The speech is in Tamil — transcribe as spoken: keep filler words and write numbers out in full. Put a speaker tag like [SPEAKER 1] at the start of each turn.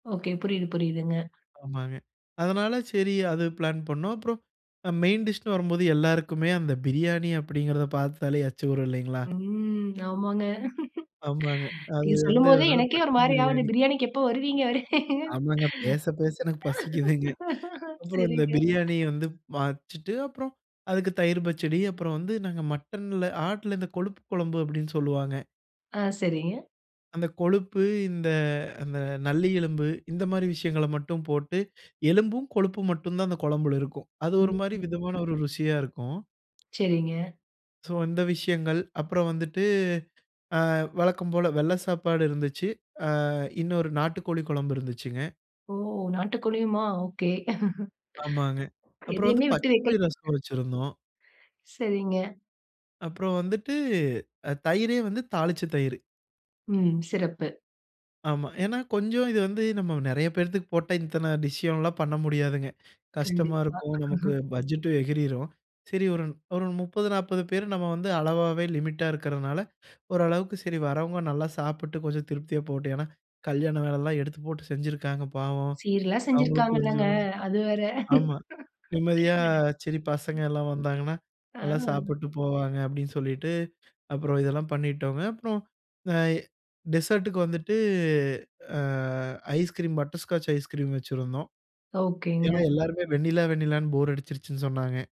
[SPEAKER 1] ஓகே. புரியுது, புரியுதுங்க.
[SPEAKER 2] ஆமாங்க. அதனால சரி அது பிளான் பண்ணோம். அப்புறம் மெயின் டிஷ்ன்னு வரும்போது எல்லாருக்குமே, அந்த பிரியாணி அப்படிங்கிறத பார்த்தாலே எச்சி ஊரும் இல்லைங்களா?
[SPEAKER 1] ம். ஆமாங்க.
[SPEAKER 2] ஆமாங்க. அது
[SPEAKER 1] நீங்க
[SPEAKER 2] வந்து
[SPEAKER 1] சொல்லும்போதே
[SPEAKER 2] அதனால
[SPEAKER 1] எனக்கே ஒரு
[SPEAKER 2] மட்டன்
[SPEAKER 1] மாரி ஆவுது,
[SPEAKER 2] பிரியாணி.
[SPEAKER 1] பிரியாணிக்கு எப்ப வருவீங்க வருவீங்க?
[SPEAKER 2] ஆமாங்க. பேச, பேச எனக்கு பசிக்குதுங்க. அப்புறம் இந்த
[SPEAKER 1] சரிங்க.
[SPEAKER 2] பிரியாணிய வந்து வச்சுட்டு அப்புறம் அதுக்கு தயிர் பச்சடி, அப்புறம் வந்து நாங்க மட்டன்ல ஆட்டுல இந்த கொழுப்பு குழம்பு அப்படின்னு சொல்லுவாங்க.
[SPEAKER 1] ஆ சரிங்க.
[SPEAKER 2] அந்த கொழுப்பு, இந்த இந்த நல்லி எலும்பு இந்த மாரி விஷயங்கள மட்டும் போட்டு, எலும்பும், கொழுப்பும் மட்டும் தான் அந்த குழம்புல இருக்கும். அது ஒரு
[SPEAKER 1] ம்.
[SPEAKER 2] மாரி
[SPEAKER 1] ஹும்.
[SPEAKER 2] விதமான ஒரு ருசியா இருக்கும்.
[SPEAKER 1] சரிங்க.
[SPEAKER 2] சோ இந்த விஷயங்கள். அப்புறம் வந்துட்டு அ வழக்கம் போல வெள்ள சாப்பாடு இருந்துச்சி. ஆ இன்னொரு நாட்டுக்கோழி குழம்பு இருந்துச்சுங்க.
[SPEAKER 1] ஓ! நாட்டு கோழியுமா ஓகே.
[SPEAKER 2] ஆமாங்க. அப்புறம் வந்து
[SPEAKER 1] எதையுமே விட்டு வெக்கல?
[SPEAKER 2] பச்சப்புளி ரசம் வச்சிருந்தோம்.
[SPEAKER 1] சரிங்க.
[SPEAKER 2] அப்புறம் வந்துட்டு தயிரே வந்து தாளிச்ச தயிர்.
[SPEAKER 1] ம் சிறப்பு.
[SPEAKER 2] ஆமா. ஏன்னா கொஞ்சம் இது வந்து நம்ம நெறைய பேரத்துக்கு போட்டா இத்தனை டிஷ்லாம் பண்ண முடியாதுங்க. கஷ்டமா
[SPEAKER 1] கண்டிப்பா.
[SPEAKER 2] இருக்கும். நமக்கு பட்ஜெட்டும் எகிறிரும். சரி ஒரு ஒரு முப்பது, நாப்பது பேர் நம்ம வந்து அளவாவே லிமிட்டா இருக்கிறனால, ஓரளவுக்கு சரி வரவுங்க நல்லா சாப்பிட்டு கொஞ்சம் திருப்தியா போகட்டும். ஏனா கல்யாண வேலைலாம் எடுத்து போட்டு செஞ்சிருக்காங்க பாவம்.
[SPEAKER 1] சீரல்லாம்
[SPEAKER 2] அவங்களும்
[SPEAKER 1] செஞ்சிருக்றாங்கள்லங்க.
[SPEAKER 2] கொஞ்சம்.
[SPEAKER 1] அது வேற.
[SPEAKER 2] ஆமா நிம்மதியா சரி பசங்க எல்லாம் வந்தாங்கன்னா,
[SPEAKER 1] ஆ.
[SPEAKER 2] நல்லா சாப்பிட்டு போவாங்க அப்படின்னு சொல்லிட்டு, அப்புறம் இதெல்லாம் பண்ணிட்டோங்க. அப்புறம் இந்த ஐ டெசர்டுக்கு வந்துட்டு ஆ ஐஸ்கிரீம், பட்டர்ஸ்காட்ச் ஐஸ்கிரீம் வச்சுருந்தோம். ஏனா
[SPEAKER 1] ஓகேங்க.
[SPEAKER 2] எல்லோருமே வெண்ணிலா, வெண்ணிலான்னு போர் அடிச்சிருச்சுன்னு சொன்னாங்க.